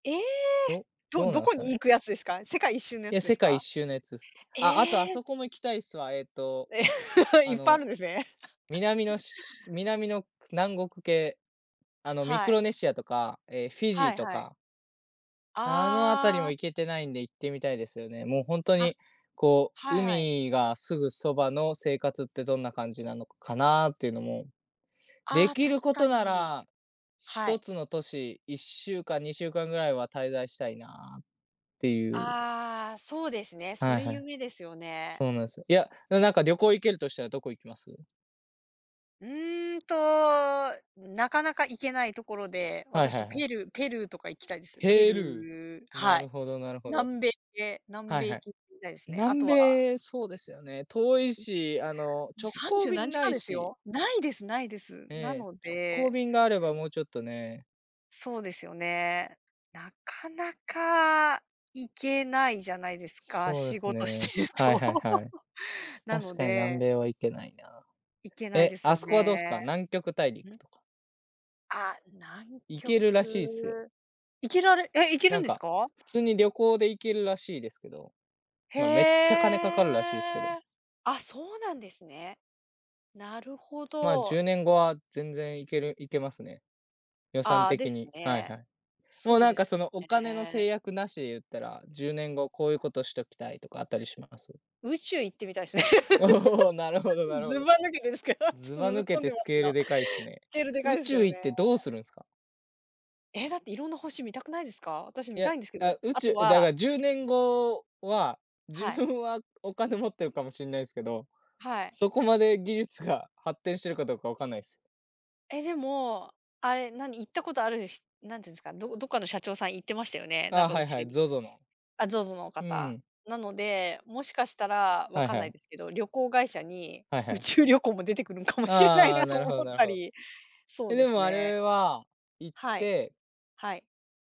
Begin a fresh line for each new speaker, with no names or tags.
ええ！
ど
ど
どう
ど
なん
こ
すか
に行
ね？
くやつですか？世界一周のや
い
つ
や、
で
世
す
界一
か？
周のやつっす。
え
ああとあ
え！
そこも行きたいっすわ、えっと、
い
あ
っぱいあ
の、
るんですね。
南 のしし南の、く南国系、あの、ミ
は
ク
い。
ロネシアとか、え、フィジー
はい
と
はい。
か。あの、あたり
あ
も
あ。
行けてないんで、行ってみたいですよね。もうほんと
あ、
に、こう
はいはい。
海がすぐそばの生活ってどんな感じなのかかなっていうのも、出
ああ、
来
確
るこ
か
とな
に、
ら、ひ
は
と
い。
つの都市、1週間、2週間ぐらいは滞在したいなっていう。
ああ、そうですね、そ
はい
れ
はい。
夢ですよね。
そうなんすよ。いや、でも、なんか旅行行けるとしたらどこ行きます？
うんと、なかなか行けないところで、
はいは
私
いはい。
ペルーペルーとか行きたいです。ペ
ペル
ルー
ー、な
は
る
い、
ほどなるほど。
南米で南
はい
米
は
行
い。
き行たいすね。あ
南
とは
米、そうですよね、遠い
い
し、あの、
もう
直
さんじ
行
ゅう何
便
時
無
間
い
です
し。
よ。無いです無いです。
え
な
え、
の
直行
で
便があれば、もうちょっとね。
そうですよね。なかなか行けないじゃないですか、
そうで
仕
す
事
ね、
してる
はい
と。
はいはい、
なの
確かに南
で
米は行けないな。
行けない
え、
です
あ
よ
そこは
ね。
どうすか？南極大
ん？
陸とか。
あ、南
行けるらしいっすよ。
極、行けられえ、行ける
な
ん
ん
です
か、
か？
普通に旅行で行けるらしいですけど。
へ
まあ、めっちゃ金かかるらしいすけど。
え。あ、そうなんですね。なるほ
まあ、じ
ど。
ゅうねん後は全然行ける行けますね。予算
ああ、で
的
す
に、はい
ね。
はい。もう
そう
なん
で
か
す
そのお
よ
金の
ね。
制約無しで言ったら、10年後こういうことしときたいとかあったりします。
宇宙行ってみたいす。
おお、なる ほどなるほ
ず
ど。
ば抜けですけど。ちょっ
ず
と
ば
ずぶ
抜
っ
け
飛ん
て
で
ス
ます
ケ
け
ール
ど。
でかいっすね。
スケールでかい
宇
ですけ
宙
どね。
行ってどうするんすか？
え、だって色んな星見たくないですか？私
い
見た
や、
いんですけど、
あ、宇
あと
宙だ
は
か10年後は、
は
自
い。
分はお金持ってるかもしんないですけど、
はい。
そこまで技術が発展してるかどうか分かんないすよ。
え、でも、あれ、何、行ったことあるひなんていうんですか、どどっかの社長さん行ってましたよね、な
あ
ん
あ、
か
は
宇
いは
宙
い、
に。
ZOZO の。
あ、ZOZO の
う
方。
ん。
なので、もしかしたら。わ
はい
かん
は
ない
い。
ですけど、旅行会社に
はいは
宇
い。
宙旅行も出てくるのかもしれない
あ
な
あ、な
と
る
思
ほど
っ
なる
た
ほど。
り、そ
え、
うで
で
す
もあ
ね。
れは、行っ
はい、
て
はい。